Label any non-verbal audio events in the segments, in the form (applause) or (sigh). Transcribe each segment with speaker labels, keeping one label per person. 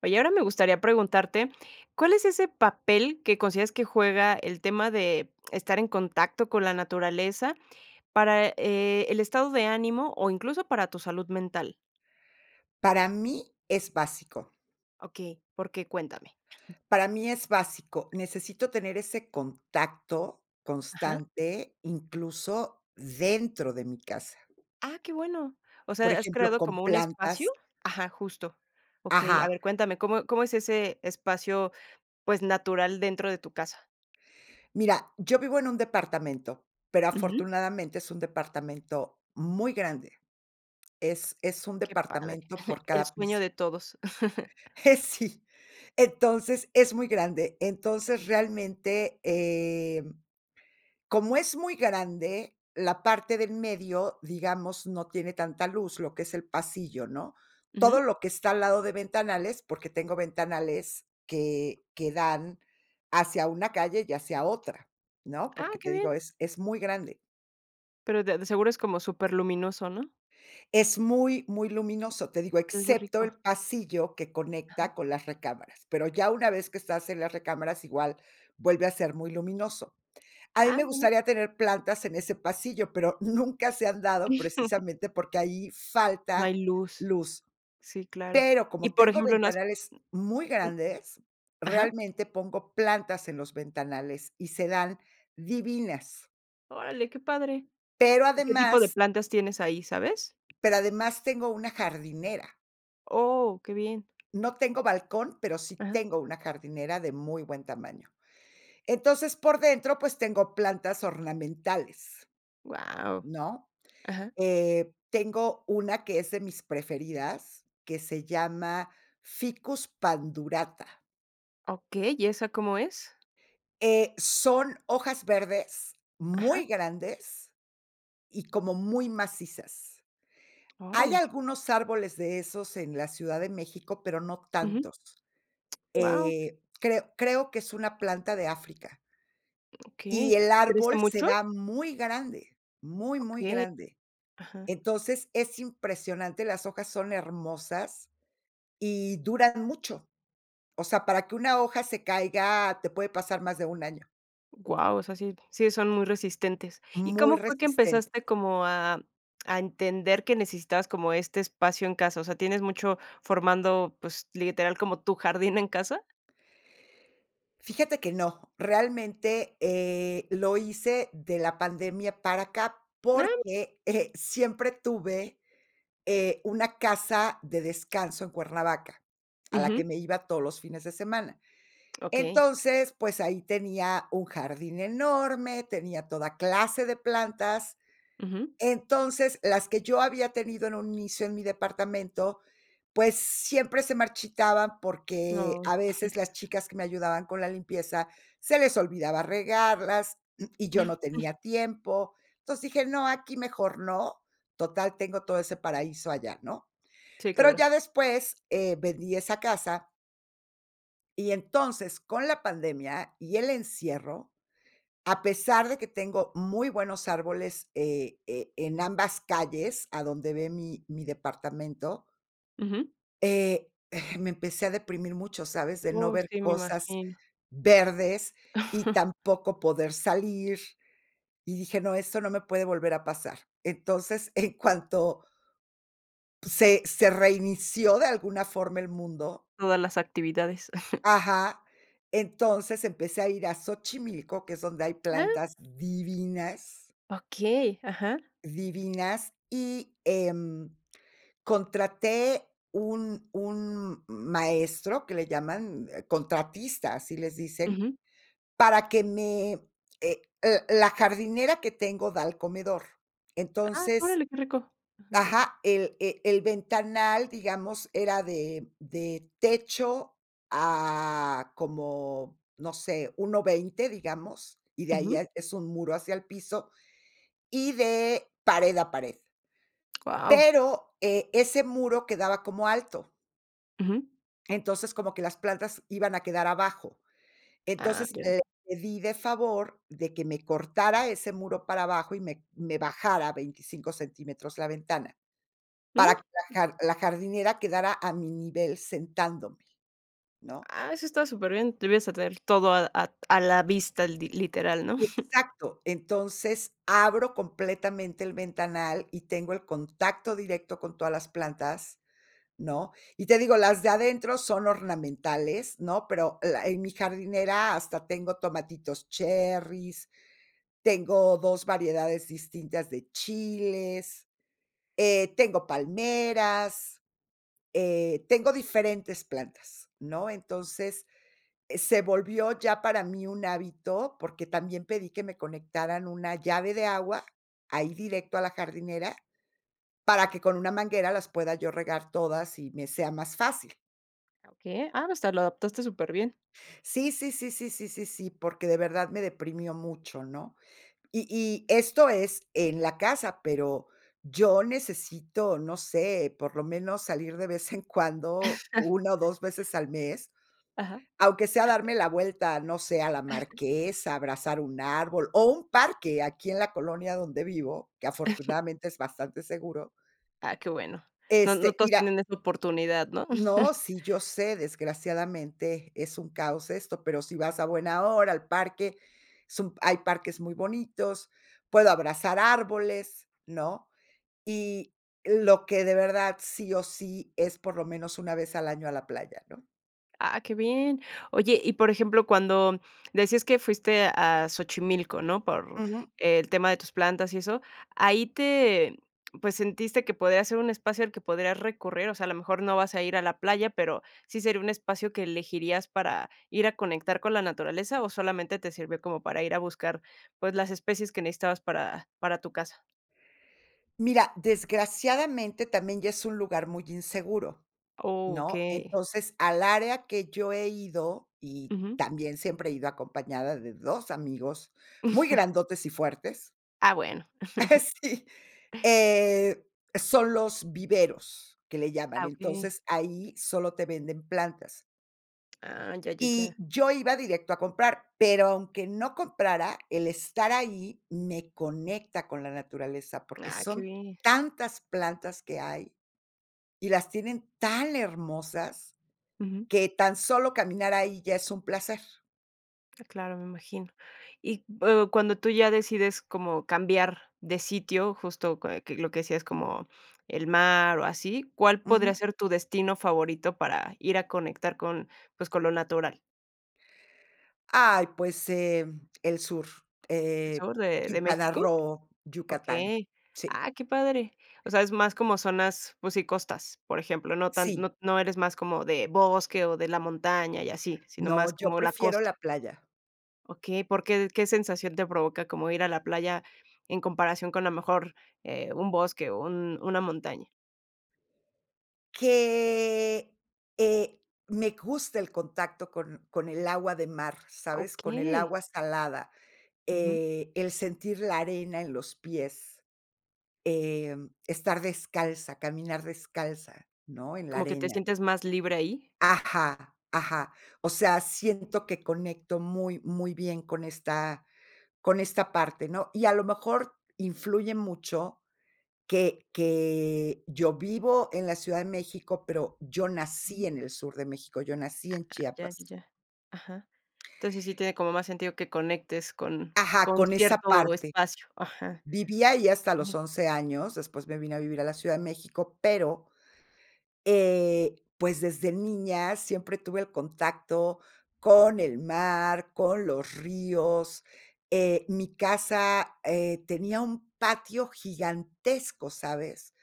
Speaker 1: Oye, ahora me gustaría preguntarte, ¿cuál es ese papel que consideras que juega el tema de estar en contacto con la naturaleza para, eh, el estado de ánimo, o incluso para tu salud mental?
Speaker 2: Para mí es básico.
Speaker 1: Okey, ¿por qué? Cuéntame. (chuckles)
Speaker 2: Para mí es básico, necesito tener ese contacto
Speaker 1: Ajá.
Speaker 2: constante, incluso dentro de mi casa.
Speaker 1: Ah, qué bueno. O
Speaker 2: Por
Speaker 1: sea, has
Speaker 2: ejemplo,
Speaker 1: creado
Speaker 2: con
Speaker 1: como un espacio.
Speaker 2: plantas.
Speaker 1: Ajá, justo. Okey, a
Speaker 2: Ajá.
Speaker 1: ver, cuéntame, ¿cómo cómo es ese espacio, pues, natural dentro de tu casa?
Speaker 2: Mira, yo vivo en un departamento, pero
Speaker 1: Ujú.
Speaker 2: afortunadamente es un departamento muy grande. Es es un
Speaker 1: Qué padre.
Speaker 2: departamento por
Speaker 1: (chuckles) El
Speaker 2: cada
Speaker 1: sueño
Speaker 2: piso.
Speaker 1: de todos. (chuckles)
Speaker 2: Eh, sí. Entonces, es muy grande. Entonces, realmente, eh, como es muy grande la parte de en medio, digamos, no tiene tanta luz, lo que es el pasillo, ¿no?, todo
Speaker 1: Ujú.
Speaker 2: lo que está al lado de ventanales, porque tengo ventanales, que que dan hacia una calle y hacia otra, ¿no?,
Speaker 1: Ah,
Speaker 2: porque,
Speaker 1: qué
Speaker 2: te
Speaker 1: bien.
Speaker 2: digo, es es muy grande.
Speaker 1: Pero de de seguro es como superluminoso, ¿no?
Speaker 2: Es muy, muy luminoso, te digo,
Speaker 1: Que oigo
Speaker 2: excepto
Speaker 1: rico.
Speaker 2: el pasillo que
Speaker 1: Ajá.
Speaker 2: conecta con las recámaras, pero ya una vez que estás en las recámaras, igual vuelve a ser muy luminoso. A mí
Speaker 1: Ah,
Speaker 2: me
Speaker 1: bueno.
Speaker 2: gustaría tener plantas en ese pasillo, pero nunca se han dado
Speaker 1: (chuckles)
Speaker 2: precisamente porque ahí
Speaker 1: No
Speaker 2: falta
Speaker 1: hay luz.
Speaker 2: luz.
Speaker 1: S sí, claro.
Speaker 2: Pero
Speaker 1: Y
Speaker 2: como
Speaker 1: por
Speaker 2: tengo
Speaker 1: ejemplo, no has
Speaker 2: ventanales muy
Speaker 1: mm, mm.
Speaker 2: grandes,
Speaker 1: Ajá.
Speaker 2: realmente pongo plantas en los ventanales y se dan divinas.
Speaker 1: Órale, qué padre.
Speaker 2: Pero
Speaker 1: ¿Y qué tipo de
Speaker 2: además
Speaker 1: plantas tienes ahí, sabes?
Speaker 2: pero además tengo una jardinera.
Speaker 1: Oh, qué bien.
Speaker 2: No tengo balcón, pero sí
Speaker 1: Ajá.
Speaker 2: tengo una jardinera de muy buen tamaño. Entonces, por dentro, pues, tengo plantas ornamentales,
Speaker 1: Guau.
Speaker 2: ¿no?,
Speaker 1: Ajá.
Speaker 2: eh, tengo una que es de mis preferidas, que se llama Ficus Pandurata.
Speaker 1: Okey, ¿y eso cómo es?
Speaker 2: Eh, son hojas verdes,
Speaker 1: Ajá.
Speaker 2: muy grandes, y como muy macizas. Hay
Speaker 1: Órale.
Speaker 2: algunos árboles de esos en la Ciudad de México, pero no
Speaker 1: Uju.
Speaker 2: tantos.
Speaker 1: Guau.
Speaker 2: Eh, creo creo que es una planta de África. Y
Speaker 1: Okey.
Speaker 2: el
Speaker 1: ¿Crece
Speaker 2: árbol, se
Speaker 1: mucho?
Speaker 2: da muy grande. Muy, muy
Speaker 1: Okey.
Speaker 2: grande.
Speaker 1: Ajá.
Speaker 2: Entonces, es impresionante, las hojas son hermosas y duran mucho. O sea, para que una hoja se caiga, te puede pasar más de un año.
Speaker 1: Guau. O sea, sí sí son muy resistentes. ¿Y
Speaker 2: Muy
Speaker 1: cómo fue que
Speaker 2: resistentes.
Speaker 1: empezaste como a a entender, que necesitabas como este espacio en casa? O sea, ¿tienes mucho formando, pues, literal, como tu jardín en casa?
Speaker 2: Fíjate que no. Realmente, eh, lo hice de la pandemia para acá,
Speaker 1: Ah.
Speaker 2: porque eh, siempre tuve eh, una casa de descanso en Cuernavaca, a la
Speaker 1: Uju.
Speaker 2: que me iba todos los fines de semana.
Speaker 1: Okey.
Speaker 2: Entonces, pues ahí tenía un jardín enorme, tenía toda clase de plantas.
Speaker 1: Uju.
Speaker 2: Entonces, las que yo había tenido en un inicio en mi departamento, pues siempre se marchitaban, porque
Speaker 1: Oh.
Speaker 2: a
Speaker 1: (chuckles)
Speaker 2: veces, las chicas que me ayudaban con la limpieza, se les olvidaba regarlas, (clears throat) y yo no
Speaker 1: (chuckles)
Speaker 2: tenía tiempo. Entonces dije: "No, aquí mejor no, total, tengo todo ese paraíso allá", ¿no?
Speaker 1: Sí,
Speaker 2: Pero,
Speaker 1: claro.
Speaker 2: ya después eh, vendí esa casa y entonces, con la pandemia y el encierro, a pesar de que tengo muy buenos árboles, eh, e en ambas calles, a donde ve mi mi departamento.
Speaker 1: Uju.
Speaker 2: Eh me empecé a deprimir mucho, ¿sabes?, de no
Speaker 1: Oh
Speaker 2: ver
Speaker 1: sí, me
Speaker 2: cosas
Speaker 1: imagino.
Speaker 2: verdes, y
Speaker 1: (chuckles)
Speaker 2: tampoco poder salir. Y dije: "No, esto no me puede volver a pasar". Entonces, en cuanto se se reinició de alguna forma el mundo
Speaker 1: Todas las actividades. (chuckles)
Speaker 2: Ajá. Entonces, empecé a ir a Xochimilco, que es donde hay
Speaker 1: Ah.
Speaker 2: plantas divinas
Speaker 1: Okey. Ajá.
Speaker 2: divinas. Y, em, contraté un un maestro, que le llaman contratista, así les dicen,
Speaker 1: Uju.
Speaker 2: para que me, eh l la jardinera que tengo, da al comedor.
Speaker 1: Ah,
Speaker 2: Entonces
Speaker 1: órale que rico. Ujú.
Speaker 2: Ajá. El e el ventanal, digamos, era de de techo a como, no sé, 1,20 digamos. Y de ahí
Speaker 1: Uju.
Speaker 2: ya es un muro hacia el piso, y de pared a pared.
Speaker 1: Wao.
Speaker 2: Pero, eh, ese muro quedaba como alto.
Speaker 1: Ujú.
Speaker 2: Entonces, como que las plantas iban a quedar abajo,
Speaker 1: Ah,
Speaker 2: entonces,
Speaker 1: ya.
Speaker 2: le pedí de favor de que me cortara ese muro para abajo y me me bajara 25 centímetros la ventana, para
Speaker 1: Jum.
Speaker 2: que la jar la jardinera quedara a mi nivel sentándome, ¿no?
Speaker 1: Ah, eso está súper bien, te vienes a traer todo a ad a la vista eldi literal, ¿no? (chuckles)
Speaker 2: Exacto, entonces, abro completamente el ventanal y tengo el contacto directo con todas las plantas, ¿no?, y te digo, las de adentro son ornamentales, ¿no?, pero la en mi jardinera hasta tengo tomatitos cherris, tengo 2 variedades distintas de chiles, eh, tengo palmeras, eh, tengo diferentes plantas, ¿no?, entonces, se volvió ya para mí un hábito, porque también pedí que me conectaran una llave de agua, ahí directo a la jardinera, para que con una manguera las pueda yo regar todas y me sea más fácil.
Speaker 1: Ah, okey, ah, hasta, lo adaptaste súper bien.
Speaker 2: Sí, sí, sí, sí, sí, sí, sí, porque de verdad me deprimió mucho, ¿no?, y y esto es en la casa, pero yo necesito, no sé, por lo menos salir de vez en cuando,
Speaker 1: (chuckles)
Speaker 2: 1 o 2 veces al mes,
Speaker 1: Ajá.
Speaker 2: aunque sea darme la vuelta, no sé, a la marquesa, abrazar un árbol, o un parque aquí en la colonia donde vivo, que
Speaker 1: (chuckles)
Speaker 2: afortunadamente es bastante seguro.
Speaker 1: Ah, qué bueno, no no
Speaker 2: Este,
Speaker 1: todos
Speaker 2: mira
Speaker 1: tienen esta oportunidad, ¿no?
Speaker 2: No,
Speaker 1: (chuckles)
Speaker 2: sí, yo sé, desgraciadamente es un caos esto, pero si vas a buena hora, al parque, es un hay parques muy bonitos, puedo abrazar árboles, ¿no?, y lo que de verdad sí o sí es por lo menos una vez al año a la playa, ¿no?
Speaker 1: Ah, qué bien. Oye, y por ejemplo, cuando decías que fuiste a Xochimilco, ¿no?, por
Speaker 2: Ujú.
Speaker 1: el tema de tus plantas y eso, ahí te pues, ¿sentiste que podría ser un espacio al que podrías recurrir, o sea, a lo mejor no vas a ir a la playa, pero, sí sería un espacio que elegirías para ir a conectar con la naturaleza, ¿o solamente te sirvió como para ir a buscar, pues, las especies que necesitabas para para tu casa?
Speaker 2: Mira, desgraciadamente también ya es un lugar muy inseguro,
Speaker 1: Oh,
Speaker 2: ¿no?,
Speaker 1: okey.
Speaker 2: entonces, al área que yo he ido, y
Speaker 1: Ujú.
Speaker 2: también siempre he ido acompañada de 2 amigos muy
Speaker 1: (chuckles)
Speaker 2: grandotes y fuertes.
Speaker 1: Ah, bueno.
Speaker 2: (chuckles)
Speaker 1: (chuckles)
Speaker 2: Sí, eh, son los viveros que le llaman,
Speaker 1: Ah, okey.
Speaker 2: entonces ahí solo te venden plantas.
Speaker 1: Ah. Ya, ya, ya.
Speaker 2: Y yo iba directo a comprar, pero aunque no comprara, el estar ahí me conecta con la naturaleza, porque
Speaker 1: Ah. Qué
Speaker 2: son
Speaker 1: bien.
Speaker 2: tantas plantas que hay, y las tienen tan hermosas
Speaker 1: Ujú.
Speaker 2: que tan solo caminar ahí ya es un placer.
Speaker 1: Ah, claro, me imagino. Y o cuando tú ya decides como cambiar de sitio, justo que que lo que decías como el mar o así, ¿cuál podría
Speaker 2: Ujú.
Speaker 1: ser tu destino favorito para ir a conectar con, pues, con lo natural?
Speaker 2: Ay, pues, em, el sur,
Speaker 1: ¿El
Speaker 2: eh,
Speaker 1: sur de de
Speaker 2: Quintana
Speaker 1: México?
Speaker 2: Roo, Yucatán.
Speaker 1: Okey.
Speaker 2: Sí.
Speaker 1: Ah, qué padre. O sea, es más como zonas, pues sí, costas, por ejemplo. No tan
Speaker 2: Sí.
Speaker 1: no no eres más como de bosque, o de la montaña y así, sino
Speaker 2: No,
Speaker 1: más
Speaker 2: yo
Speaker 1: como la
Speaker 2: prefiero
Speaker 1: costa.
Speaker 2: la playa.
Speaker 1: Okey, ¿porque, qué sensación te provoca como ir a la playa en comparación con a mejor, eh, un bosque o un una montaña?
Speaker 2: Que, eh, me gusta el contacto con con el agua de mar, ¿sabes?, con el
Speaker 1: Okey.
Speaker 2: agua salada,
Speaker 1: Ujú.
Speaker 2: eh, el sentir la arena en los pies. Em, estar descalza, caminar descalza, ¿no?, en la
Speaker 1: ¿Como que te
Speaker 2: arena.
Speaker 1: sientes más libre ahí?
Speaker 2: Ajá, ajá. O sea, siento que conecto muy, muy bien con esta con esta parte, ¿no?, y a lo mejor influye mucho que que yo vivo en la Ciudad de México, pero yo nací en el sur de México, yo nací
Speaker 1: Ah,
Speaker 2: en
Speaker 1: ya,
Speaker 2: Chiapas.
Speaker 1: ya, ya. Ajá. Entonces, sí tiene como más sentido que conectes con
Speaker 2: Ajá,
Speaker 1: con
Speaker 2: con esa
Speaker 1: cierto
Speaker 2: parte.
Speaker 1: espacio, ajá.
Speaker 2: Viví ahí hasta los
Speaker 1: Okey.
Speaker 2: 11 años, después me vine a vivir a la Ciudad de México, pero, eh, pues, desde niña siempre tuve el contacto con el mar, con los ríos. Eh, mi casa, eh, tenía un patio gigantesco, ¿sabes?,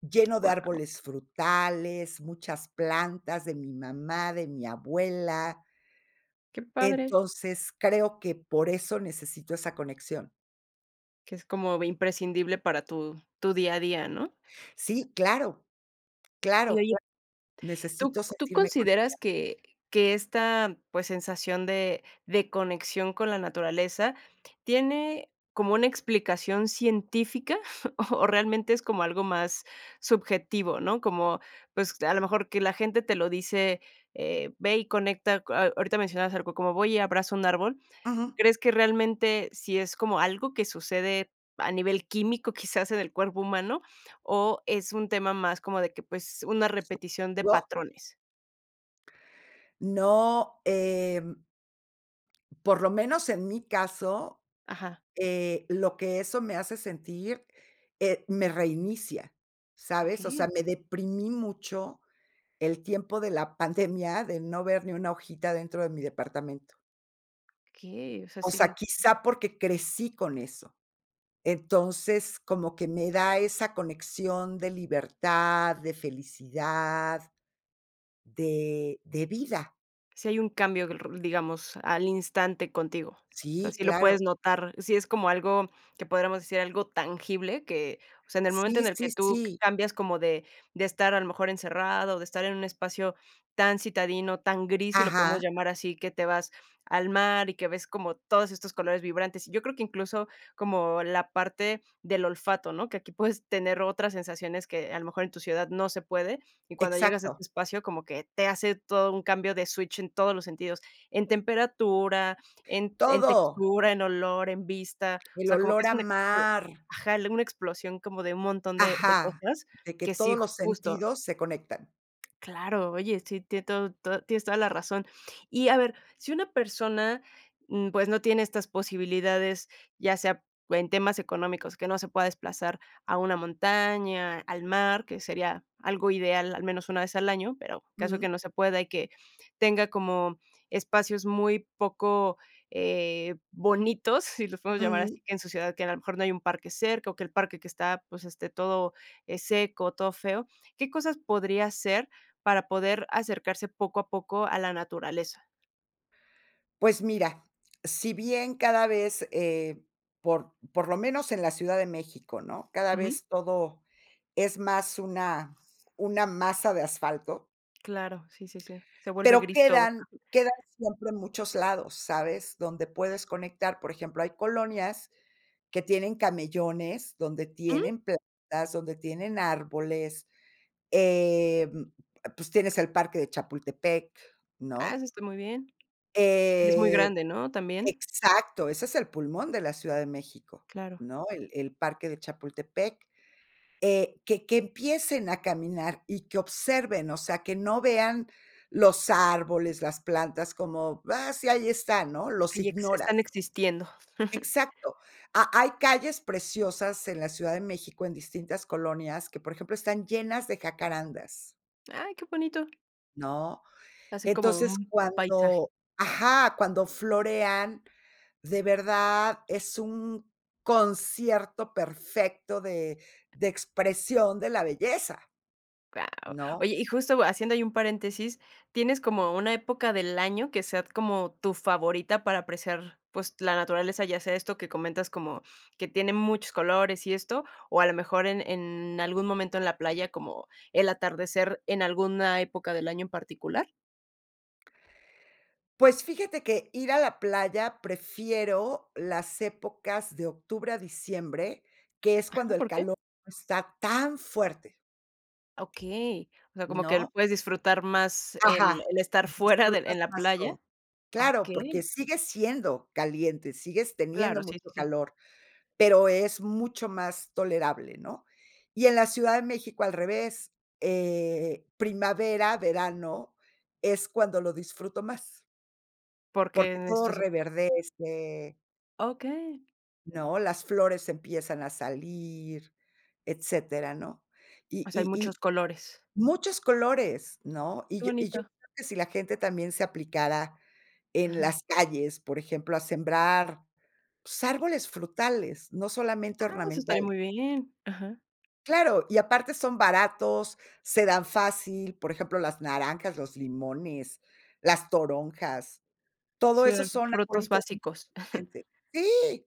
Speaker 2: lleno de
Speaker 1: Guau.
Speaker 2: árboles frutales, muchas plantas de mi mamá, de mi abuela
Speaker 1: Qué padre.
Speaker 2: entonces, creo que por eso necesito esa conexión.
Speaker 1: Que es como vi Imprescindible para tu tu día a día, ¿no?
Speaker 2: Sí, claro.
Speaker 1: Y,
Speaker 2: Claro.
Speaker 1: oye, ¿tú
Speaker 2: Necesito
Speaker 1: tú
Speaker 2: sentirme conectada.
Speaker 1: consideras que que esta, pues, sensación de de conexión con la naturaleza, ¿tiene como una explicación científica? (chuckles) O realmente, ¿es como algo más subjetivo?, ¿no?, como, pues, a lo mejor que la gente te lo dice, eh, "Ve y conecta co". A ahorita mencionabas algo como: "Voy y abrazo un árbol".
Speaker 2: Ujú.
Speaker 1: ¿Crees que realmente, sí es como algo que sucede a nivel químico, quizás en el cuerpo humano? ¿O es un tema más, como de que pues, una repetición de
Speaker 2: (unintelligible)
Speaker 1: patrones?
Speaker 2: No, em, por lo menos en mí caso,
Speaker 1: Ajá.
Speaker 2: eh, lo que eso me hace sentir, eh, me reinicia, ¿sabes?, o
Speaker 1: Okey.
Speaker 2: sea, me deprimí mucho, el tiempo de la pandemia, de no ver ni una hojita dentro de mi departamento.
Speaker 1: Okey, o sea,
Speaker 2: O sea,
Speaker 1: sin
Speaker 2: quizá porque crecí con eso. Entonces, como que me da esa conexión de libertad, de felicidad, de de vida.
Speaker 1: Sí hay un cambio, r digamos, al instante contigo, o sea,
Speaker 2: Sí,
Speaker 1: sí lo
Speaker 2: claro.
Speaker 1: puedes notar, sí es como algo que podríamos decir algo tangible que, o sea, en el momento
Speaker 2: Sí,
Speaker 1: en el que
Speaker 2: sí,
Speaker 1: tú
Speaker 2: sí.
Speaker 1: cambias como de de estar a lo mejor encerrada, de estar en un espacio tan citadino, tan gris, si lo podemos
Speaker 2: Ajá.
Speaker 1: llamar así, que te vas al mar y que ves como todos estos colores vibrantes, y yo creo que incluso como la parte del olfato, ¿no?, que aquí puedes tener otras sensaciones que a lo mejor en tu ciudad no se puede, y cuando llegas a
Speaker 2: Exacto.
Speaker 1: este espacio como que te hace todo un cambio de switch en todos los sentidos, en temperatura, en en
Speaker 2: Todo.
Speaker 1: textura, en olor, en vista. O
Speaker 2: El
Speaker 1: sea, como que
Speaker 2: olor
Speaker 1: es
Speaker 2: a
Speaker 1: una explo
Speaker 2: mar.
Speaker 1: Ajá, una explosión como de un montón de de
Speaker 2: Ajá,
Speaker 1: cosas,
Speaker 2: de que
Speaker 1: que sí
Speaker 2: todos los
Speaker 1: Justo.
Speaker 2: sentidos se conectan.
Speaker 1: Claro, oye, sí, tiene todo todo tienes toda la razón. Y a ver, si una persona, mm, pues, no tiene estas posibilidades, ya sea en temas económicos, que no se pueda desplazar a una montaña, al mar, que sería algo ideal al menos una vez al año, pero caso que
Speaker 2: Mm.
Speaker 1: no se pueda y que tenga como espacios muy poco eh, bonitos, si los podemos llamar
Speaker 2: Ujú.
Speaker 1: así, que en su ciudad, que a lo mejor no hay un parque cerca, o que el parque que está, pues, este, todo eh, seco, todo feo. ¿Qué cosas podría hacer para poder acercarse poco a poco a la naturaleza?
Speaker 2: Pues mira, si bien cada vez eh, por por lo menos en la Ciudad de México, ¿no?, cada
Speaker 1: Ujú.
Speaker 2: vez todo es más una una masa de asfalto
Speaker 1: Claro, sí, sí, sí. Se vuelve
Speaker 2: pero
Speaker 1: gris todo.
Speaker 2: quedan quedan siempre muchos lados, ¿sabes?, donde puedes conectar, por ejemplo, hay colonias que tienen camellones, donde
Speaker 1: Ujú.
Speaker 2: tienen plantas, donde tienen árboles, em, pues tienes el parque de Chapultepec,
Speaker 1: Ah,
Speaker 2: ¿no?
Speaker 1: eso está muy bien. Y es muy
Speaker 2: Eh,
Speaker 1: grande, ¿no?, también.
Speaker 2: exacto, ese es el pulmón de la Ciudad de México,
Speaker 1: Claro.
Speaker 2: ¿no?, el el parque de Chapultepec, eh, que que empiecen a caminar, y que observen, o sea, que no vean los árboles, las plantas, como: "Ah, sí, ahí están", ¿no? Los
Speaker 1: Y ex están
Speaker 2: ignoras.
Speaker 1: existiendo. (chuckles)
Speaker 2: Exacto. Ha hay calles preciosas en la Ciudad de México, en distintas colonias, que, por ejemplo, están llenas de jacarandas
Speaker 1: Ay, qué bonito.
Speaker 2: ¿no?
Speaker 1: Hacen como
Speaker 2: Entonces,
Speaker 1: un paisaje.
Speaker 2: cuando Ajá, cuando florean, de verdad es un concierto perfecto de de expresión de la belleza,
Speaker 1: Wao.
Speaker 2: ¿no?
Speaker 1: Oye y justo haciendo ahí un paréntesis, ¿tienes como una época del año que sea como tu favorita para apreciar, pues, la naturaleza?, ya sea esto que comentas como que tiene muchos colores y esto, ¿o a lo mejor en en algún momento en la playa, como el atardecer en alguna época del año en particular?
Speaker 2: Pues fíjate que ir a la playa prefiero las épocas de octubre a diciembre, que es
Speaker 1: Ajá,
Speaker 2: cuando el
Speaker 1: ¿por qué?
Speaker 2: calor no está tan fuerte.
Speaker 1: Okey, o sea, como que lo
Speaker 2: ¿No?
Speaker 1: puedes disfrutar más el
Speaker 2: Ajá.
Speaker 1: el estar fuera de
Speaker 2: Disfrutas
Speaker 1: en la
Speaker 2: más
Speaker 1: playa,
Speaker 2: todo. Claro, porque
Speaker 1: okey.
Speaker 2: sigue siendo caliente. Sigues teniendo
Speaker 1: Claro, sí, sí,
Speaker 2: mucho
Speaker 1: sí.
Speaker 2: calor, pero es mucho más tolerable, ¿no? Y en la Ciudad de México al revés, eh, primavera, verano, es cuando lo disfruto más.
Speaker 1: Porque
Speaker 2: Porque
Speaker 1: en
Speaker 2: todo
Speaker 1: esto se
Speaker 2: reverdece
Speaker 1: Okey.
Speaker 2: ¿no? las flores empiezan a salir, etcétera, ¿no? Y
Speaker 1: O sea hay
Speaker 2: y
Speaker 1: muchos
Speaker 2: y
Speaker 1: colores.
Speaker 2: muchos colores, ¿no? Y
Speaker 1: Qué
Speaker 2: yo y yo
Speaker 1: bonito.
Speaker 2: creo que si la gente también se aplicara en
Speaker 1: Ajá.
Speaker 2: las calles, por ejemplo, a sembrar, pues árboles frutales, no solamente
Speaker 1: Ah, eso estaría
Speaker 2: ornamentales.
Speaker 1: muy bien, ajá.
Speaker 2: Claro, y aparte son baratos, se dan fácil. Por ejemplo, las naranjas, los limones, las toronjas, todo
Speaker 1: Sí,
Speaker 2: eso son
Speaker 1: frutos
Speaker 2: arbolitos.
Speaker 1: básicos.
Speaker 2: (unintelligible) Sí.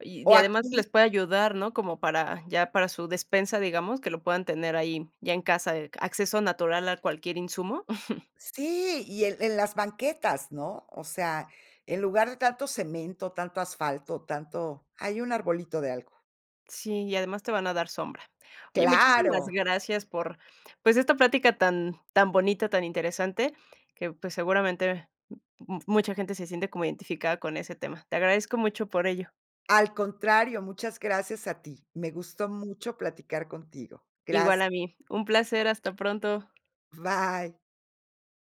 Speaker 1: Y y
Speaker 2: O
Speaker 1: de además que
Speaker 2: aquí.
Speaker 1: les puede ayudar, ¿no? como para ya para su despensa, digamos, que lo puedan tener ahí, ya en casa, de que, ¿acceso natural a cualquier insumo? (chuckles)
Speaker 2: Sí, y en en las banquetas, ¿no? O sea, en lugar de tanto cemento, tanto asfalto, tanto ahí un arbolito de algo.
Speaker 1: Sí, y además te van a dar sombra. Oye, muchísimas
Speaker 2: Claro.
Speaker 1: gracias por, pues, esta plática tan tan bonita, tan interesante, que, pues, seguramente mucha gente se siente como identificada con ese tema. Te agradezco mucho por ello.
Speaker 2: Al contrario, muchas gracias a ti. Me gustó mucho platicar contigo,
Speaker 1: Igual
Speaker 2: gracias.
Speaker 1: a mí. Un placer, hasta pronto.
Speaker 2: Bye.